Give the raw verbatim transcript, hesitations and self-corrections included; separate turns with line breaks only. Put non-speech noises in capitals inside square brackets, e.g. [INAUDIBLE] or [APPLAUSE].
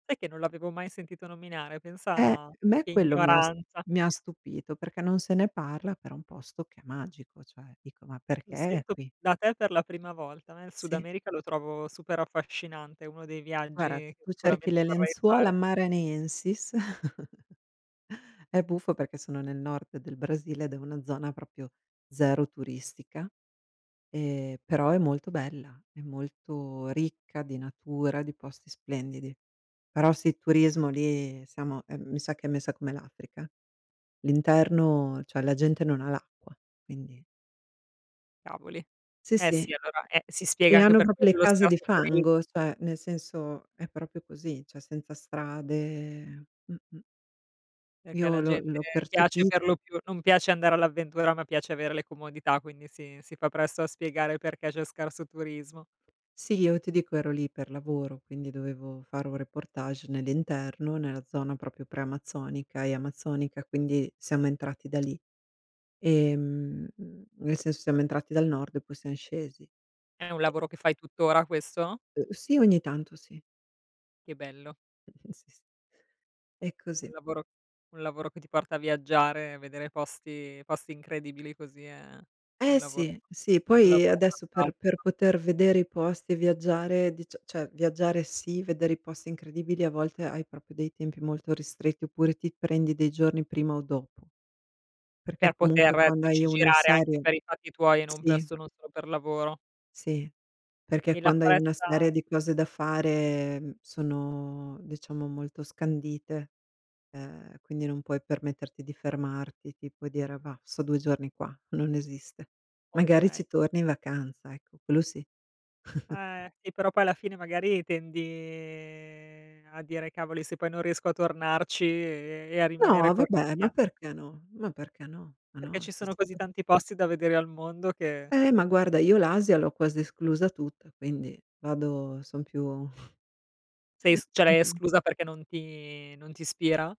Sai che non l'avevo mai sentito nominare?
Eh,
Pensa
me
che
quello mi ha s
ignoranza.
mi ha stupito, perché non se ne parla però un posto che è magico, cioè, dico ma perché
Lo
è
sento,
qui?
da te per la prima volta, a me il Sud
Sì.
America lo trovo super affascinante, uno dei
Guarda,
viaggi
se
che
tu cerchi
icuramente
le
vorrei
lenzuola
fare.
Maranhenses [CHUCKLES] è buffo perché sono nel Nord del Brasile ed è una zona propio zero turistica, e però è molto bella, è molto ricca di natura, di posti splendidi. Però sì, turismo lì siamo, ehm, mi sa che è messa come l'Africa. L'interno, cioè la gente non ha l'acqua, quindi.
Cavoli.
Sì,
Eh
sì.
sì, allora, eh si spiega
E
anche
hanno
per
propo le
quello lo
case di
scarso turi
fango, cioè, nel senso è propio così, cioè senza strade mh-mh.
Perché
Io
alla
l'ho
gente
l'ho
piace
percepi
per lo più non piace andare all'avventura, ma piace avere le comodità quindi si si fa presto a spiegare perché c'è scarso turismo.
Sì, io ti dico ero lì per lavoro, quindi dovevo fare un reportage nell'interno, nella zona proprio preamazzonica e amazzonica, quindi siamo entrati da lì. Ehm, mhmm, nel senso siamo entrati dal Nord e poi sian scesi.
È un
E
lavoro che fai tuttora questo?
Uhm sì, ogni tanto sì.
Che bello.
[CHUCKLES] Sì, s E
Un
così.
lavoro un lavoro che ti porta a viaggiare, vedere posti posti incredibili così, è un
Eh
lavoro
sì, sì,
un
poi
lavoro
adesso per per
fantastico.
poter vedere i posti e viaggiare, dicia ceh viaggiare sì, vedere i posti incredibili a volte hai propio dei tempi molto ristretti, oppure ti prendi dei giorni prima o dopo.
Per
Perché comunque
poter,
quando hai
dici
una
girare anche
serie
per i fatti tuoi, e non per
sì.
sono solo per lavoro.
Sì, perché
E la
quando hai una
foresta
serie di cose da fare, mhmm, sono, diciamo molto scandite, ehm, quindi non puoi permetterti di fermarti, tipo dire: "Bah, sto due giorni qua", non esiste. Magari
Okay.
ci torni in vacanza, ecco, quello sì. [CHUCKLES]
Eh, e però poi alla fine magari tendi ehm, a dire "cavoli se poi non riesco a tornarci e e a rimanere
No,
col
vabbè, ma
rimpia"
perché no? Ma perché no? Ma
Perché
no
ci
ceh
sono
se
così
te
tanti posti da vedere al mondo che
Eh ma guarda, io l'Asia l'ho quasi esclusa tutta, quindi, vado son più
Sei
[CHUCKLES]
s ceh
son
l'hai
più
esclusa perché non ti non t'ispira?